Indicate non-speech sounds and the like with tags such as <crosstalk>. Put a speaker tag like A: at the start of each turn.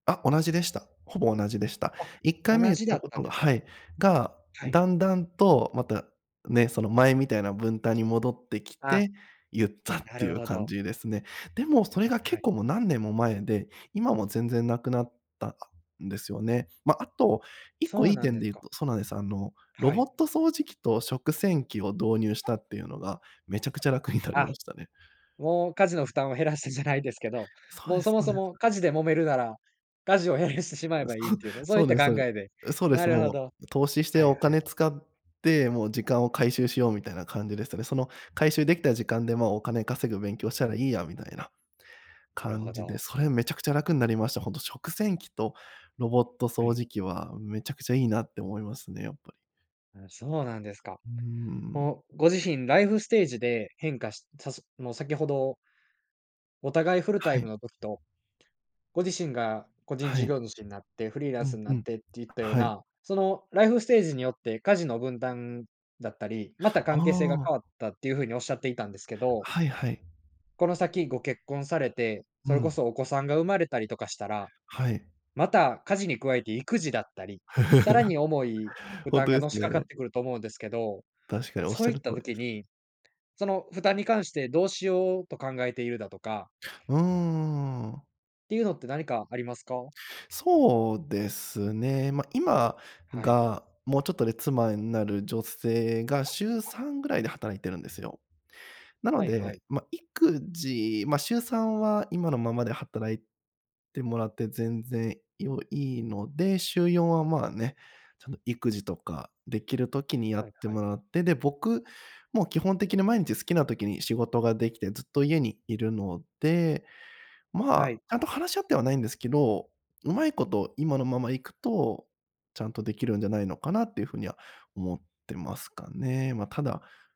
A: あ、同じでした。ほぼ同じでした。
B: あ、
A: 一回目
B: 同
A: 言っ
B: じだ
A: た
B: っ
A: こ
B: た
A: と
B: んで
A: が
B: すか？
A: はい、が、
B: はい。
A: 段々とまた、ね、その前みたいな分担に戻ってき
B: あ。
A: て、言ったっ
B: な
A: てい
B: る
A: う
B: ほ
A: 感
B: ど。
A: じですね。でもそれ
B: はい
A: が
B: は
A: 結
B: い。
A: 構もう何年も前で、今もう全然無くなった、あ、んですよね。まあ、あと、一個
B: そ
A: い
B: う
A: い
B: なん
A: 点
B: で
A: で言う
B: か。
A: とそうなんです、あの、ロ
B: は
A: ボッ
B: い。
A: ト掃除機と食洗機を導入したっていうのが、めちゃくちゃ楽になりま
B: あ。
A: したね。
B: もう家事の負担を減らしてじゃないですけど、
A: そう
B: もう
A: で
B: そ
A: す、
B: も
A: ほう
B: そ
A: です。
B: も家事で揉めるなら、家事を減らしてしま
A: あ、
B: えばい
A: そ
B: い
A: う、
B: というか、そう
A: そ
B: いっ
A: う
B: た
A: です、
B: 考
A: そうで
B: えで、
A: え、そうで
B: な
A: す、
B: るほ
A: も
B: ど。
A: う投資して
B: はい
A: お
B: はい。
A: 金使って、もう時間を回収しようみたいな感じでしたね。その回収できた時間でまあ、お金稼ぐ勉強したらいいやみたいな、
B: なる
A: 感
B: ほ
A: じで、
B: ど。
A: それめちゃくちゃ楽になりました。本当食洗機とロボット
B: は
A: 掃
B: い。
A: 除機はめちゃくちゃいいなって思いますね、やっぱり。
B: あ、そうなんですか。
A: うん。
B: もう、ご自身ライフステージで変化しさすもう先ほどお互いフルタ
A: は
B: イム
A: い。
B: の時と、ご自身が個人
A: は
B: 事
A: い。
B: 業主になって、フリーラ
A: う
B: ン
A: ん、
B: スな
A: う
B: っ
A: ん。
B: てっていったよう
A: はい。
B: な、そのライフステージによって家事の分担だったり、また
A: あ
B: 関係性が
A: あ。
B: 変わったっていうふうに、おっしゃっていたんですけど
A: はいはい。
B: この先ご結婚されて、
A: う
B: それこ
A: ん。
B: そお子さんが生まれたりとかしたら、
A: はい。
B: また家事に加えて育児だったり、さら
A: <chuckles>
B: に重い負
A: ほん
B: 担
A: と
B: が
A: です
B: のしかかっ
A: ね。
B: てくると思うんですけど、
A: 確かにおっし
B: そ
A: ゃ
B: うい
A: る
B: っ
A: 通
B: た
A: りで
B: 時
A: す。
B: に、その負担に関してどうしようと考えているだとか
A: うーん。
B: ていうのって何かありますか？
A: そうですね、まあ、今
B: はい。
A: がもうちょっとで妻になる女性が週3ぐらいで働いてるんですよ。なの
B: はいは
A: で、
B: い。
A: まあ、育児、まあ、週3は今のままで働いてもらって全然よいいので、週4はまあ、ね、ちゃんと育児とかできる時にや
B: はい
A: って
B: はい。
A: もらって、で、僕、もう基本的に毎日好きな時に仕事ができてずっと家にいるので、ま
B: は
A: あ、
B: い。
A: ちゃんと話し合ってはないんですけど、うまいこと今のままいくと、ちゃんとできるんじゃないのかなっていう風には思ってますかね。まあ、ただ